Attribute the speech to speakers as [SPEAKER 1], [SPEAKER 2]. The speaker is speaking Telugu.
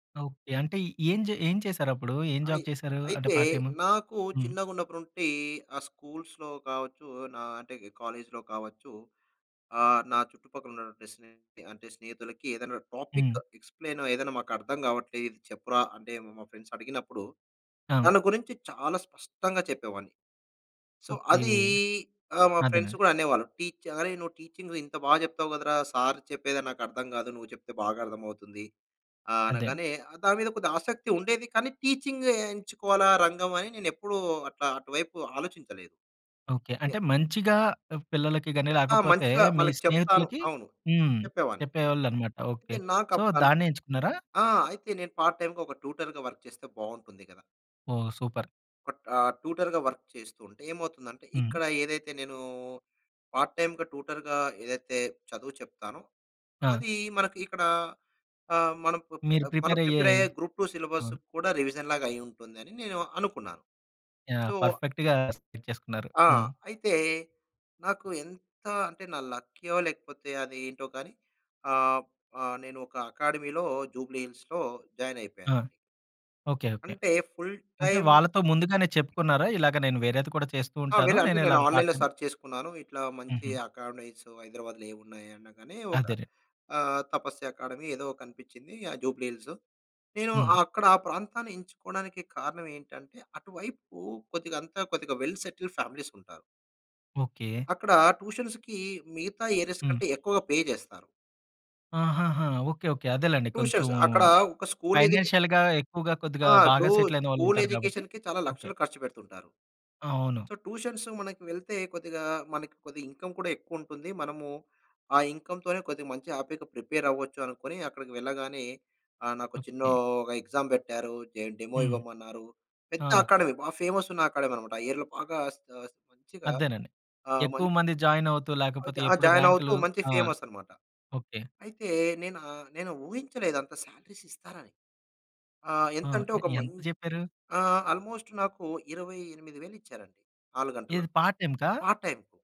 [SPEAKER 1] ఓకే. అంటే ఏం జే ఏం చేశారప్పుడు? ఏం
[SPEAKER 2] అయి
[SPEAKER 1] జాబ్ చేశారు? అంటే,
[SPEAKER 2] అయితే
[SPEAKER 1] పార్ట్ టైమ్?
[SPEAKER 2] నాకు
[SPEAKER 1] హ్మ్.
[SPEAKER 2] చిన్నగున్నప్పటి నుంటి, ఆ స్కూల్స్‌లో కావచ్చు, నా అంటే ఇక కాలేజ్‌లో కావచ్చు, ఆహ్, నా చుట్టుపక్కల ఉన్నటువంటి స్నేహితులకి అంటే స్నేహితులకి ఏదన్నా టాపిక్,
[SPEAKER 1] హ్మ్.
[SPEAKER 2] ఎక్స్‌ప్లెయిన్ చేయమని, "ఇది మాకర్థం కావట్లే, ఇది చెప్పురా," అంటే మా మా ఫ్రెండ్స్ అడిగినప్పుడు,
[SPEAKER 1] ఆ!
[SPEAKER 2] దాని గురించి చాలా స్పష్టంగా చెప్పేవాడ్ని. So,
[SPEAKER 1] okay.
[SPEAKER 2] అది ఆ! మా ఫ్రెండ్స్
[SPEAKER 1] అదేనండి.
[SPEAKER 2] కూడా అనేవాళ్ళు. టీచ్ "అరేయ్! నువ్వు టీచింగు ఇంత బా జెప్తావు కదరా! సార్ చెప్పేదే నాకర్థం కాదు. నువ్వు చెప్తే బాగా అర్థమవుతుంది" ఆహ్,
[SPEAKER 1] అదే.
[SPEAKER 2] అనగానే దాని మీద కొద్దిగా ఆసక్తి ఉండేది. కానీ, టీచింగ్ ఎంచుకోవాలా రంగం అని నేనెప్పుడూ అట్లా అటువైపు ఆలోచించలేదు.
[SPEAKER 1] ఓకే.
[SPEAKER 2] ఏ
[SPEAKER 1] అంటే మంచిగా ఆహ్, పిల్లలకి గాని,
[SPEAKER 2] ఆ!
[SPEAKER 1] లేకపోతే
[SPEAKER 2] మంచిగా
[SPEAKER 1] మీ
[SPEAKER 2] వాళ్ళకు చెప్తాను
[SPEAKER 1] స్నేహితులకి
[SPEAKER 2] అవును.
[SPEAKER 1] హ్మ్.
[SPEAKER 2] చెప్పేవాడ్ని.
[SPEAKER 1] చెప్పేవాళ్ళన్నమాట. ఓకే.
[SPEAKER 2] అయితే
[SPEAKER 1] సో,
[SPEAKER 2] నాకప్పుడు అనిపి
[SPEAKER 1] దాన్నే ఎంచుకున్నారా?
[SPEAKER 2] ఆ! అయితే నేను పార్ట్ టైమ్‌గా, ఒక ట్యూటర్‌గా వర్క్ చేస్తే బాగుంటుంది గదా!
[SPEAKER 1] ఓహ్! సూపర్.
[SPEAKER 2] ఒక ఆహ్, ట్యూటర్‌గా వర్క్ చేస్తూ ఉంటే ఏమవుతుందంటే, ఇక్కడ
[SPEAKER 1] హ్మ్.
[SPEAKER 2] ఏదైతే నేను పార్ట్ టైమ్‌గా ట్యూటర్‌గా ఏదైతే చదువు చెప్తానో,
[SPEAKER 1] ఆ!
[SPEAKER 2] అది మనకి ఇక్కడ ఆహ్, మనం ప్
[SPEAKER 1] మీరు
[SPEAKER 2] అప్ మనం
[SPEAKER 1] ప్రిపేర్
[SPEAKER 2] ప్రిపేర్
[SPEAKER 1] అయ్యేయి
[SPEAKER 2] అయ్యే, గ్రూప్ టూ
[SPEAKER 1] అవును.
[SPEAKER 2] సిలబస్‌కి కూడా రివిజన్‌లాగా అయ్యి ఉంటుందని, నేను అనుకున్నాను.
[SPEAKER 1] ఆ!
[SPEAKER 2] సో
[SPEAKER 1] పర్ఫెక్ట్‌గా సెట్ చేసుకున్నారు.
[SPEAKER 2] ఆ!
[SPEAKER 1] హ్మ్.
[SPEAKER 2] అయితే, నాకు ఎంత అంటే నా లక్కీ‌యో లేకపోతే, అదేంటో గాని, ఆహ్, ఆహ్, నేనొక అకాడమీ‌లో జూబ్లీహిల్స్‌లో జాయిన్
[SPEAKER 1] ఆ!
[SPEAKER 2] అయిపోయానండి.
[SPEAKER 1] ఓకే. ఓకే.
[SPEAKER 2] అంటే, ఫుల్
[SPEAKER 1] అంటే
[SPEAKER 2] టైమ్
[SPEAKER 1] వాళ్ళతో ముందుగానే చెప్పుకున్నారా? ఇలాగ నేను వేరేది కూడా చేస్తూ
[SPEAKER 2] ఆ!
[SPEAKER 1] ఉంటాను.
[SPEAKER 2] వెళ్ళి అంటే
[SPEAKER 1] నేను
[SPEAKER 2] నేను
[SPEAKER 1] ఇలాగా పార్ట్
[SPEAKER 2] ఆన్‌లైన్‌లో
[SPEAKER 1] టైమ్
[SPEAKER 2] సెర్చ్ చేసుకున్నాను. ఇట్లా మంచి
[SPEAKER 1] ఉహూ.
[SPEAKER 2] అకాడమీస్ హైదరాబాద్‌లో ఏమున్నాయి అనగానే, ఒక
[SPEAKER 1] అదేరే
[SPEAKER 2] ఆహ్, తపస్య అకాడమీ ఏదో కనిపించింది. ఆ! జూబ్లీహిల్స్‌లో. నేను
[SPEAKER 1] హ్మ్.
[SPEAKER 2] అక్కడ ఆ ప్రాంతాన్ని ఎంచుకోవడానికి కారణం ఏంటంటే, అటు వైపు కొద్దిగా అంత కొద్దిగా వెల్ సెటిల్డ్ ఫ్యామిలీస్ ఉంటారు.
[SPEAKER 1] ఓకే.
[SPEAKER 2] అక్కడ ట్యూషన్స్‌కి మిగతా ఏరియాస్
[SPEAKER 1] హ్మ్.
[SPEAKER 2] కంటే, ఎక్కువగా పే చేస్తారు.
[SPEAKER 1] ఆహహా! Okay, okay. అదేలెండి కొంచెం
[SPEAKER 2] ట్యూషన్స్ అక్కడ ఒక స్కూల్ ఎడ్యుకే
[SPEAKER 1] ఫైనాన్షియల్‌గా, ఎక్కువగా కొద్దిగా
[SPEAKER 2] ఆ! ఇప్పుడు
[SPEAKER 1] బాగా సెటిల్ అయిన వాళ్ళు
[SPEAKER 2] స్కూల్
[SPEAKER 1] ఉంటారు గాబట్టి
[SPEAKER 2] ఎడ్యుకేషన్‌కే చాలా
[SPEAKER 1] ఓకే.
[SPEAKER 2] లక్షలు ఖర్చు పెడుతుంటారు.
[SPEAKER 1] అవును.
[SPEAKER 2] సో, ట్యూషన్స్‌కి మనకి వెళ్తే కొద్దిగా మనకి ఇన్‌కమ్ కూడా ఎక్కువుంటుంది. మనము ఆ ఇన్‌కమ్‌తోనే కొద్దిగా మంచిగా, హ్యాపీగా ప్రిపేర్ అవ్వొచ్చు అనుకోని అక్కడికి వెళ్ళగానే ఆహ్, నాకో చిన్నో
[SPEAKER 1] ఓకే.
[SPEAKER 2] ఒగ ఎక్సామ్ పెట్టారు. జేం డెమో
[SPEAKER 1] హ్మ్.
[SPEAKER 2] ఇవ్వమన్నారు. పెద్ద
[SPEAKER 1] ఆ!
[SPEAKER 2] అకాడమీ. బా ఫేమస్ ఉన్న అకాడమీ అన్నమాట. ఆ ఏరియాలో బాగా స్ కాస్త మంచిగా
[SPEAKER 1] అదేనండి.
[SPEAKER 2] ఆ! మం
[SPEAKER 1] ఎక్కువ మంది జాయిన్ అవుతూ,
[SPEAKER 2] ఆ!
[SPEAKER 1] లేకపోతే
[SPEAKER 2] జా జా
[SPEAKER 1] ఎప్పుడు
[SPEAKER 2] జాయిన్ అవుతూ
[SPEAKER 1] ర్యాం‌కు‌లు
[SPEAKER 2] మంచి
[SPEAKER 1] ఆ!
[SPEAKER 2] ఫేమస్ అన్నమాట.
[SPEAKER 1] ఓకే.
[SPEAKER 2] అయితే నేనా నేను ఊహించలేదు అంత సాలరీస్ ఇస్తారని. ఆహ్,
[SPEAKER 1] ఆ!
[SPEAKER 2] ఎంతంటే
[SPEAKER 1] ఎ
[SPEAKER 2] ఒక మం
[SPEAKER 1] యెంత జెప్పారు?
[SPEAKER 2] ఆహ్, ఆల్‌మోస్ట్ నాకు 28,000 ఇచ్చారండి. 4
[SPEAKER 1] ఏది
[SPEAKER 2] గంటలకు,
[SPEAKER 1] పార్ట్ టైమ్‌కా?
[SPEAKER 2] Part time.